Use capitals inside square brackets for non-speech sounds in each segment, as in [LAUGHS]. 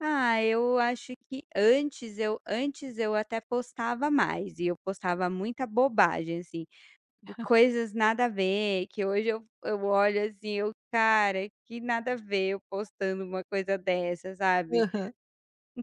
Ah, eu acho que antes eu antes eu até postava mais, e eu postava muita bobagem assim, [CHUCKLES] coisas nada a ver que hoje eu eu olho assim eu: "Cara que nada a ver eu postando uma coisa dessa sabe". Aham.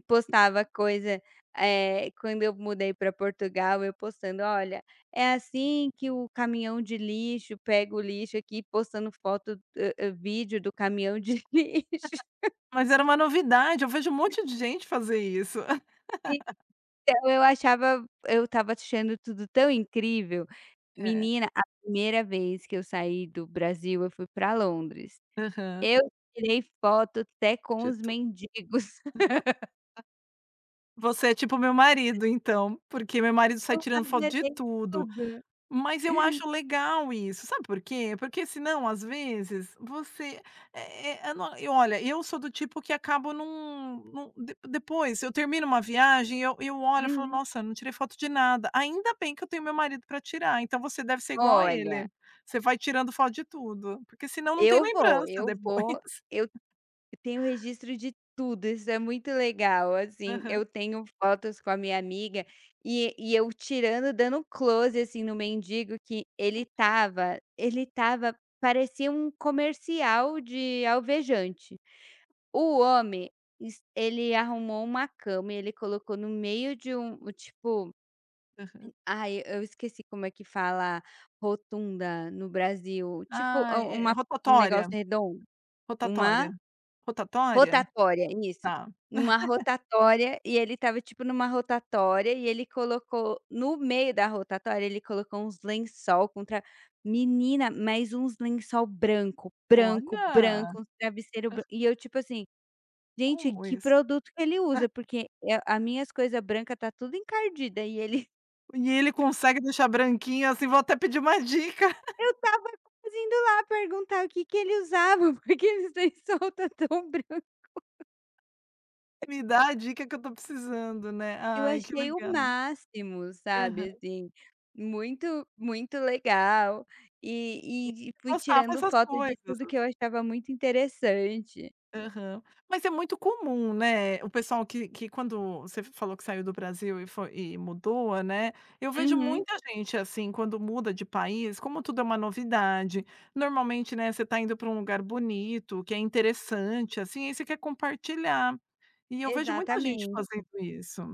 Postava coisa, eh, quando eu mudei para Portugal, eu postando: "Olha, é assim que o caminhão de lixo pega o lixo aqui", postando foto, hã hã, vídeo do caminhão de lixo. [LAUGHS] [LAUGHS] Mas era uma novidade, eu vejo um monte de gente fazer isso. [LAUGHS] Então, eu achava, eu estava achando tudo tão incrível, É. menina a 1º vez que eu saí do Brasil eu fui para Londres, Aham. eu tirei foto até com De os tu [LAUGHS] mendigos. [LAUGHS] Você é tipo o meu marido então, porque meu marido sai Eu tirando foto de [UNINTELLIGIBLE] tudo. tudo. Mas eu acho legal isso, sabe por quê. Porque senão às vezes você, é é é não e olha, eu sou do tipo que acabo não não, de depois, eu termino uma viagem eu eu olho, falo Uhum. nossa, não tirei foto de nada, ainda bem que eu tenho meu marido para tirar, então você deve ser igual a Olha. ele, vai tirando foto de tudo, porque senão não tem Eu vou, lembrança eu depois. vou, eu eu tenho registro de tudo, isso é muito legal assim, Aham. eu tenho fotos com a minha amiga e e eu tirando dando close assim no mendigo que ele estava [UNINTELLIGIBLE] ele estava, parecia um comercial de alvejante. O homem, es ele arrumou uma cama e ele colocou no meio de um tipo, Aham. m ai eu esqueci como é que fala rotunda no Brasil tipo, Ah um é é um negócio rotatória? redondo Uma? Rotatória? Rotatória? Rotatória isso, Tá. uma [CHUCKLES] rotatória, e ele estava tipo em uma rotatória, e ele colocou no meio da rotatória ele colocou uns lençol com tra menina mas uns lençol branco, branco, Olha. branco, travesseiro [CHUCKLES] branco e eu tipo assim, gente Como que isso? produto que ele usa, [CHUCKLES] porque é a minhas coisa branca está tudo encardida e ele E ele consegue deixar branquinho assim, vou até pedir uma dica. [CHUCKLES] Eu estava quase indo lá perguntar o que que ele usava, porque aqueles lençol está tão branco. Me dá a dica que eu estou precisando, né. Eu Ai que achei o legal. máximo Aham. sabe, assim, muito muito legal, E e e fui postava tirando esas foto de coisas, tudo que eu assim. achava muito interessante. Aham. Mas é muito comum, né, o pessoal que que quando você f falou que saiu do Brasil e foi e mudou, né, eu vejo Uhum. muita gente assim quando muda de país, como tudo é uma novidade. Normalmente, né, você está indo para um lugar bonito, que é interessante assim e você quer compartilhar. E eu vejo muita gente fazendo Exatamente. isso.